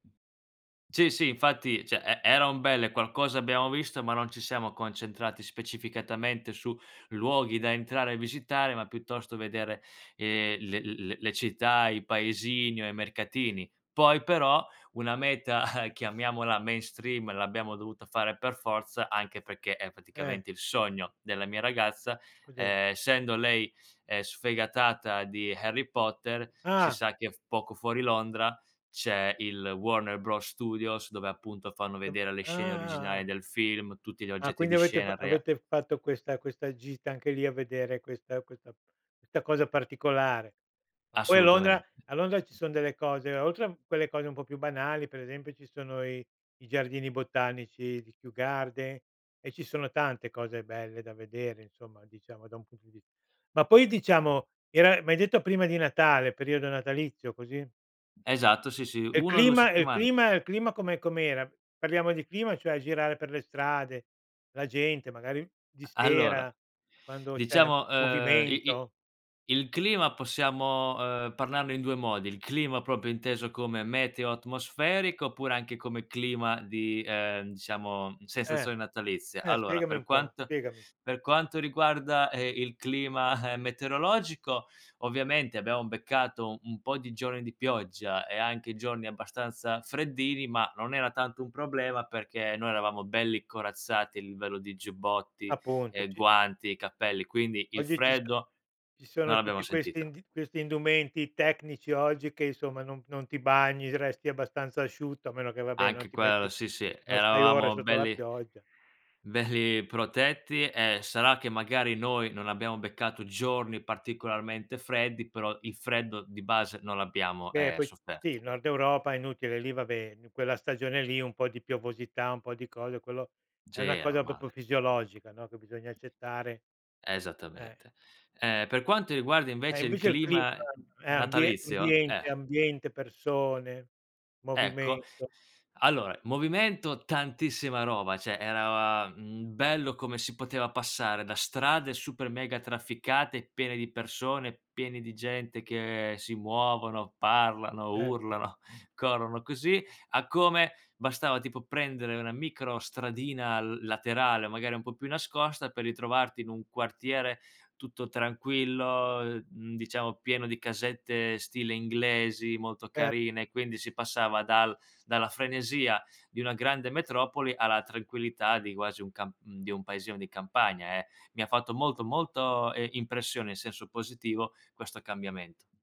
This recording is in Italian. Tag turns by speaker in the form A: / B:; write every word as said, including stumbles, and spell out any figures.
A: Sì, sì, infatti ceh e eran belle, qualcosa abbiamo visto, ma non ci siamo concentrati specificatamente su luoghi da entrare e visitare, ma piuttosto vedere, ehm, le le le città, i paesini o i mercatini. Poi, però, una meta, chiamiamola mainstream, l'abbiamo dovuta fare per forza, anche perché è
B: Eh.
A: praticamente il sogno della mia ragazza,
B: Cos'er
A: ehm, essendo lei, ehm, sfegatata di Harry Potter, si
B: Ah!
A: sa che poco fuori Londra c'è il Warner Bros Studios, dove, appunto, fanno
B: [unintelligible] ah,
A: vedere le
B: ah,
A: scene originali
B: ah.
A: del film, tutti gli
B: Ah,
A: oggetti
B: quindi
A: di
B: avete f
A: scena rea
B: avete fatto questa questa gita anche lì a vedere questa questa questa cosa particolare. Ma poi a
A: Assolutame
B: Londra a Londra ci son delle cose oltre a quelle cose un po' più banali, per esempio, ci sono i i giardini botanici di Kew Gardens e ci sono tante cose belle da vedere, insomma, diciamo da un punto di vis ma poi, diciamo, era, m'hai detto, prima di Natale, periodo natalizio, così?
A: Esatto, sì, sì,
B: E il
A: uno o due
B: clima e il
A: settiman
B: clima e il clima com'è com'era? Parliamo di clima, cioè, girare per le strade, la gente, magari, di
A: A allora,
B: sera, quando c'è
A: diciamo, ehm, i i
B: movimento.
A: il clima possiamo, ehm, parlarne in due modi, il clima propio inteso come meteo atmosferico oppure anche come clima di, ehm, diciamo,
B: Eh.
A: sensazione natalizia.
B: Eh,
A: Allora,
B: spiegami
A: per
B: un po',
A: quanto
B: spiegami.
A: per quanto riguarda, ehm, il clima metereologico, ovviamente abbiamo beccato u un po' di giorni di pioggia e anche giorni abbastanza freddini, ma non era tanto un problema perché noi eravamo belli corazzati a livello di giubbotti,
B: Appunto,
A: ehm,
B: ci
A: guanti, cappelli, quindi il
B: Oggi ci so
A: freddo
B: ci
A: non
B: sono
A: l'abbiamo
B: tutti questi
A: sentito.
B: ind questi indumenti tecnici oggi che, insomma, non non ti bagni, resti abbastanza asciutto, a meno che, vabbè, non
A: Anche
B: ti
A: quello
B: metti
A: sì, sì,
B: non stai ore
A: eravamo
B: sotto la
A: belli
B: pioggia.
A: belli protetti e sarà che, magari, noi non abbiamo beccato giorni particolarmente freddi, però il freddo di base non l'abbiamo,
B: Beh,
A: ehm,
B: poi sì,
A: sofferto.
B: nord Europa è inutile, lì, vabbè, quella stagione lì, un po' di piovosità, un po' di cose. Quello è
A: Sì,
B: una
A: è
B: cosa popio
A: normale.
B: fisiologica, no, che bisogna accettare. Eh.
A: Esattamente. Ehm, per quanto riguarda
B: E
A: invece il
B: invece il clima
A: clima
B: è ambie
A: natalizio, eh
B: ambiente ambiente, persone,
A: Ecco.
B: movimento.
A: Allora, movimento, tantissima roba, ceh. era, mhmm, bello come si poteva passare da strade super mega trafficate, piene di persone, piene di gente che si muovono, parlano,
B: erto.
A: urlano, corrono, così, a come bastava, tipo, prendere una micro stradina laterale, magari un po' più nascosta, per ritrovarti in un quartiere tutto tranquillo, mhmm, diciamo, pieno di casette stile inglesi molto
B: E
A: carine, quindi si passava dal dalla frenesia di una grande metropoli alla tranquillità di quasi un cam di un paesino di campagna, eh. Mi ha fatto molto, molto, ehm, impressione, in senso positivo, questo cambiamento.